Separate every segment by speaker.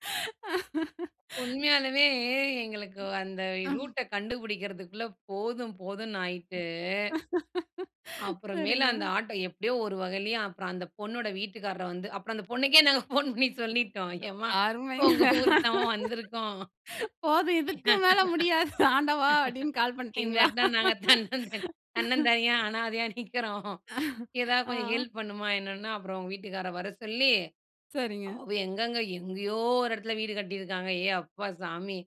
Speaker 1: உண்மயாலுமே எங்களுக்கு அந்த
Speaker 2: ம்.
Speaker 1: ரூட்ட கண்டுபிடிக்கிறதுக்குள்ள, போதும் போதும்ன்னாயிட்டு. அப்புறம் மேலு
Speaker 2: சரிங்க.
Speaker 1: அந்த ஆட்டோ, எப்டியோ ஒரு வகையிலயே அப்புறம் அந்த பொண்ணோட வீட்டுக்காரர் வந்து அப்புறம் அந்த பொண்ணுக்கே நாங்க போன் பண்ணி சொல்லிட்டோம். எம்மா உங்க
Speaker 2: அருமைங்க.
Speaker 1: ஊருக்கு தான் வந்துருக்கோம்.
Speaker 2: போதும், இதுக்கு மேல முடியாது, ஆண்டவா அப்டின்னு கால்
Speaker 1: இந்த
Speaker 2: பண்டிங்களா?
Speaker 1: இடத்துல நாங்க தன்னந்தனி தன்னந்தனியா அனாதையா நிக்குறோம். எதாவது கொஞ்சம்
Speaker 2: ஆ.
Speaker 1: ஹெல்ப் பண்ணுமா என்னன்னா அப்புறம், அவுங்க வீட்டுக்காரர வர சொல்லி,
Speaker 2: சரிங்க.
Speaker 1: அவ எங்கங்க எங்கயோ ஒரு இடத்துல வீடு கட்டியிருக்காங்க. ஏய்! அப்பா சாமி,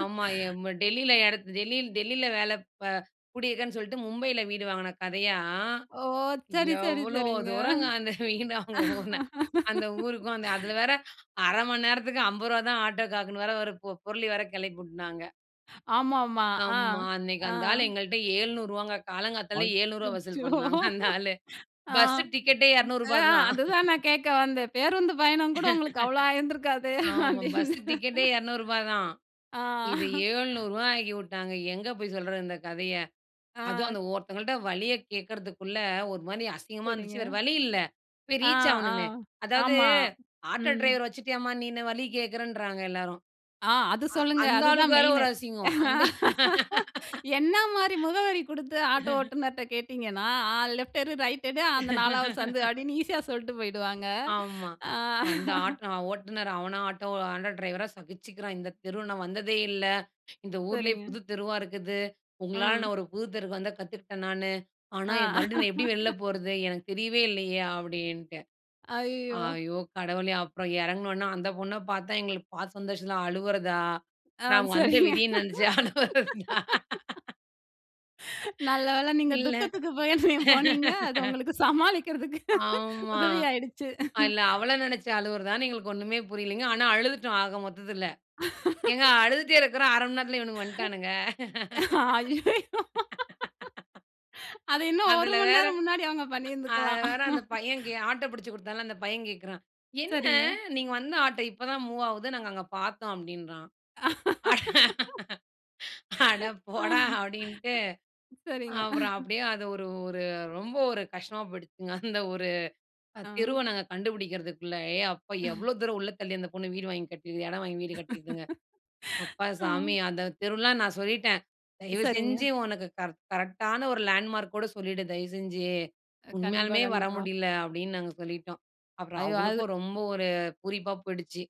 Speaker 1: ஆமா எம் டெல்லியில இடத் டெல்லியில டெல்லியில வேல அ கூடியிருக்கேன்னு சொல்லிட்டு, மும்பையில வீடு வாங்குன கதையா,
Speaker 2: ஓ! சரி, சரி,
Speaker 1: எவ்ளோ
Speaker 2: சரிங்க.
Speaker 1: தூரங்க அந்த வீடு, அவங்க ஊரு. அந்த ஊருக்கும் அந்த, அதுல வேற 1/2 மணி நேரத்துக்கு ரூ.50 தான் ஆட்டோ காக்குன்னு வேற, ஒரு பு புரளி வேற கிளப்பி விட்டுனாங்க.
Speaker 2: ஆமா, ஆமா, ஆ,
Speaker 1: ஆமா, அன்னைக்கு
Speaker 2: ஆ.
Speaker 1: அந்த ஆளு எங்கள்ட்ட, 700 ரூபாங்க, காலங்காத்தால ரூ.700 வசூல்
Speaker 2: அச்சச்சோ.
Speaker 1: பண்ணாங்க அந்த ஆளு.
Speaker 2: ஆ,
Speaker 1: பஸ் டிக்கெட்டே
Speaker 2: அ
Speaker 1: ரூ.200 தான்.
Speaker 2: அதுதான் நான் கேக்க வந்தேன், பேருந்து பயணம் கூட உங்களுக்கு அவ்ளோ ஆயிருந்துருக்காதே!
Speaker 1: ஆமா, பஸு
Speaker 2: அப்டின்னு.
Speaker 1: டிக்கெட்டே ரூ.200 தான்.
Speaker 2: ஆ!
Speaker 1: இது ரூ.700 ஆக்கி விட்டாங்க, எங்க போய் சொல்றது இந்த கதைய, அதுவும்
Speaker 2: ஆ!
Speaker 1: அந்த ஒருத்தவங்கள்ட்ட வழிய கேட்குறதுக்குள்ள ஒரு மாரி அசிங்கமா
Speaker 2: சரிங்க.
Speaker 1: இருந்துச்சு, வேற வழி இல்ல போய்
Speaker 2: ஆ,
Speaker 1: ரீச்
Speaker 2: ஆ,
Speaker 1: ஆகணுமே. அதாவது
Speaker 2: ஆமா,
Speaker 1: ஆட்டோ
Speaker 2: ம்.
Speaker 1: டிரைவர் வச்சிட்டியாம்மா நீ என்ன வழி கேட்குறன்றாங்க எல்லாரும்.
Speaker 2: ஆ! அது
Speaker 1: அ
Speaker 2: சொல்லுங்க,
Speaker 1: அந்த ஆளுக்கு
Speaker 2: அதுதான்
Speaker 1: வேற,
Speaker 2: மெயினு.
Speaker 1: ஒரு அசிங்கம். அந்த
Speaker 2: என்ன மாரி முகவரி குடுத்து ஆட்டோ ஓட்டுநர்ட்ட கேட்டீங்கன்னா, அ லெஃப்ட் எடு, ரைட் எடு அந்த 4வது சந்து, அப்டின்னு ஈசியா சொல்லிட்டு போயிடுவாங்க,
Speaker 1: ஆமா,
Speaker 2: ஆ.
Speaker 1: அந்த ஆட்டோ ஓட்டுநர் அவன ஆட்டோ, ஆட்டோ டிரைவரா சகிச்சுக்குறான். இந்த தெரு நான் வந்ததே இல்ல, இந்த ஊர்லயே
Speaker 2: சரிங்க.
Speaker 1: புதுத் தெருவா இருக்குது. உங்களால
Speaker 2: ம்.
Speaker 1: நான் ஒரு புது தெருவுக்கு வந்த கத்துக்குட்டேன் நானு, ஆனா
Speaker 2: அ.
Speaker 1: மறுபடியும் நான் எப்டி வெள்ள போறது? எனக்கு தெரியவே இல்லயே அப்டின்ட்டு.
Speaker 2: அய்யயோ!
Speaker 1: ஐயோ! கடவுளே அப்புறம் இறங்குனொன்னே அந்த பொண்ண பாத்தா எங்களுக்கு பாத்த சந்தோஷம் தான் அழுவறதா?
Speaker 2: ஆ, அது
Speaker 1: நான் வந்த
Speaker 2: செரிங்க.
Speaker 1: விதிய நெனச்சு அழுவுறதா.
Speaker 2: நல்ல வேள, நீங்க
Speaker 1: இல்ல.
Speaker 2: துக்கத்துக்கு போய்தீங்க போனீங்க. அது உங்களுக்கு சமாளிக்குறதுக்கு
Speaker 1: ஆமா,
Speaker 2: உதவியாயிடுச்சு.
Speaker 1: இல்ல அவள நெனச்சு அழுவுறதான்னு எங்களுக்கு ஒண்ணுமே புரியலங்க, ஆனா அழுதுட்டோம் ஆக மொத்தத்துல. ஏங்க அழுதுட்டு இருக்குறோம் 1/2 நேரத்துல இவனுங்க வன்ட்டானுங்க.
Speaker 2: அய்யயோ! அது இன்னும் ஒரு
Speaker 1: அதுல
Speaker 2: மணி
Speaker 1: வேற
Speaker 2: நேரம் முன்னாடி, அவங்க
Speaker 1: அதுல
Speaker 2: பண்ணிருந்துக்கலாம்.
Speaker 1: வேற அந்த பையன் கே ஆட்டோ பிடிச்சுக் கொடுத்தான்ல, அந்த பையன் கேட்குறான், என்ன
Speaker 2: சரிங்க.
Speaker 1: நீங்க வந்த ஆட்டோ இப்ப தான் மூவ் ஆவுது? நாங்க அங்க பாத்தோம் அப்டின்றான். அட அட போடா அப்டின்ட்டு,
Speaker 2: சரிங்க.
Speaker 1: அப்புறம் அப்டியே அது ஒரு, ஒரு ரொம்ப ஒரு கஷ்டமா போயிடுச்சுங்க. அந்த ஒரு
Speaker 2: ஆ.
Speaker 1: தெருவ நாங்க கண்டுபிடிக்குறதுக்குள்ள. ஏ! அப்பா எவ்ளோ தூரம் உள்ள தள்ளி அந்த பொண்ணு வீடு வாங்கி கட்டியிருக்கு இடம் வாங்கி வீடு கட்டியிருக்குங்க. அப்பா
Speaker 2: ஆ.
Speaker 1: சாமி அந்த தெருவுலாம் நான் சொல்லிட்டேன், தயவு
Speaker 2: சரிங்க.
Speaker 1: செஞ்சு உனக்கு கர் கரெக்டான ஒரு லேண்ட்மார்க் ஓட சொல்லிடு தயவுசெஞ்சு.
Speaker 2: அ, கண்டிப்பா,
Speaker 1: உண்மயாலுமே வர
Speaker 2: கண்டிப்பா.
Speaker 1: முடியல அப்டின்னு நாங்க சொல்லிட்டோம். அப்புறம்
Speaker 2: ஐயோ! அது
Speaker 1: அவளுக்கும் ரொம்ப ஒரு பூரிப்பா போயிடுச்சு.